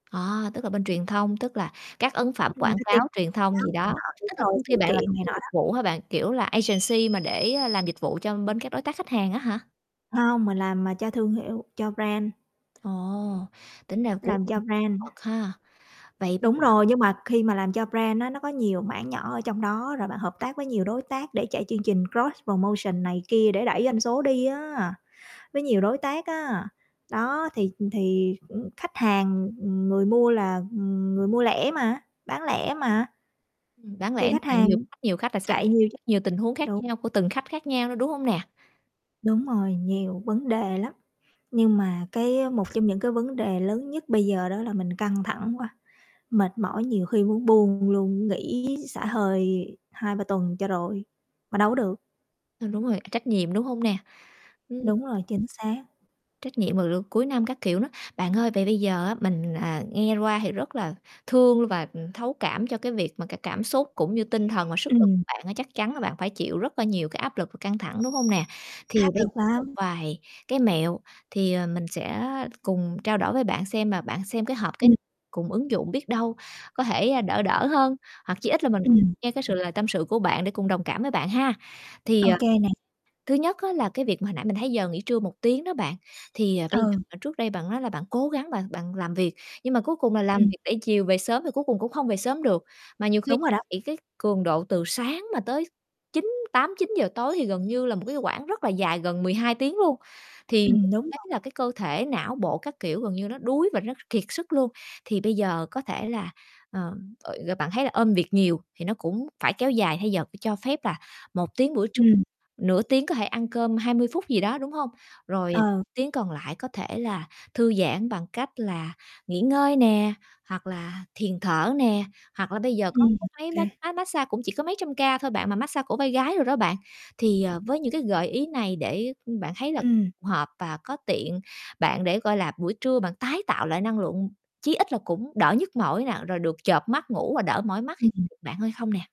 À, tức là bên truyền thông, tức là các ấn phẩm quảng Marketing, cáo, truyền thông đó gì điện đó. thoại đúng Tức là rồi, công sự ty bạn là kiện công này ty nọ dịch đó. vụ hả bạn? Kiểu là, agency mà để, à, làm dịch vụ cho bên các đối tác khách hàng á hả? Hông, mình làm, à, cho thương hiệu, cho brand. Ồ, tính ra cũng Làm cho [unintelligible] brand. bật ha. Vậy bây Đúng giờ rồi, nhưng mà khi mà làm cho brand á, nó có nhiều mảng nhỏ ở trong đó rồi bạn hợp tác với nhiều đối tác để chạy chương trình cross promotion này kia để đẩy doanh số đi á, với nhiều đối tác á. Đó thì, ừm, thì cũng khách hàng, ừm, người mua là, ừm, người mua lẻ mà, bán lẻ mà. Ừm, đáng Thì lẽ khách là hàng nhiều khách nhiều khách là xảy chạy nhiều chứ. nhiều tình huống khác Đúng. nhau của từng khách khác nhau nữa, đúng hông nè? Đúng rồi, nhiều vấn đề lắm, nhưng mà cái á, một trong những cái vấn đề lớn nhất bây giờ đó là mình căng thẳng quá, mệt mỏi nhiều khi muốn buông luôn, nghỉ xả hơi 2-3 tuần cho rồi, mà đâu có được. À, đúng rồi, à, trách nhiệm, đúng hông nè? Ừm. Đúng rồi, chính xác. Trách nhiệm vào lượt cuối năm các kiểu nữa. Bạn ơi, vậy bây giờ á, mình, à, nghe qua thì rất là thương luôn và, ừm, thấu cảm cho cái việc mà cái cảm xúc cũng như tinh thần và sức lực của Ừm. bạn á. Chắc chắn là bạn phải chịu rất là nhiều cái áp lực và căng thẳng, đúng hông nè? Thì Áp bây lực một lắm. vài cái mẹo, thì, ờ, mình sẽ cùng trao đổi với bạn xem, mà bạn xem cái hợp cái Ừm. cùng ứng dụng biết đâu có thể, ờ, đỡ đỡ hơn. Hoặc chí ít là mình Ừm, nghe cái sự [unintelligible] lời tâm sự của bạn để cùng đồng cảm với bạn ha. Thì, Ô ờ, kê, nè. thứ nhất á là cái việc mà hồi nãy mình thấy giờ nghỉ trưa 1 tiếng đó bạn, thì, ờ, bây giờ Ừ. mà bạn trước đây bạn nói là bạn cố gắng bạn bạn làm việc. Nhưng mà cuối cùng là làm Ừm. việc để chiều về sớm thì cuối cùng cũng không về sớm được, mà nhiều khi Đúng rồi đó. bị cái cường độ từ sáng mà tới chín tám, chín giờ tối thì gần như là một cái quãng rất là dài, gần 12 tiếng luôn. Thì Ừm, [unintelligible] đúng thấy rồi. là, cái, cơ thể não bộ các kiểu gần như nó đuối và nó kiệt sức luôn. Thì bây giờ có thể là, ờ, ồi rồi bạn thấy là ôm việc nhiều thì nó cũng phải kéo dài thay giờ phải cho phép là 1 tiếng buổi trưa, Ừm. nửa tiếng có thể ăn cơm 20 phút gì đó, đúng hông? Rồi, ờ, Ờ. tiếng còn lại có thể là thư giãn bằng cách là nghỉ ngơi nè, hoặc là thiền thở nè. Hoặc là bây giờ có Ừm, cái ô máy mát kê. máy mát xa cũng chỉ có mấy trăm ca thôi bạn, mà mát xa cổ vai gái đồ đó bạn. Thì, ờ, với những cái gợi ý này để, ưm, bạn thấy là Ừm. hợp và có tiện bạn để, gọi là, buổi trưa bạn tái tạo lại năng lượng, chí ít là cũng đỡ nhức mỏi nè, rồi được chợp mắt ngủ và đỡ mỏi mắt, Ừm, thì ừm. [unintelligible] bạn hơi không nè?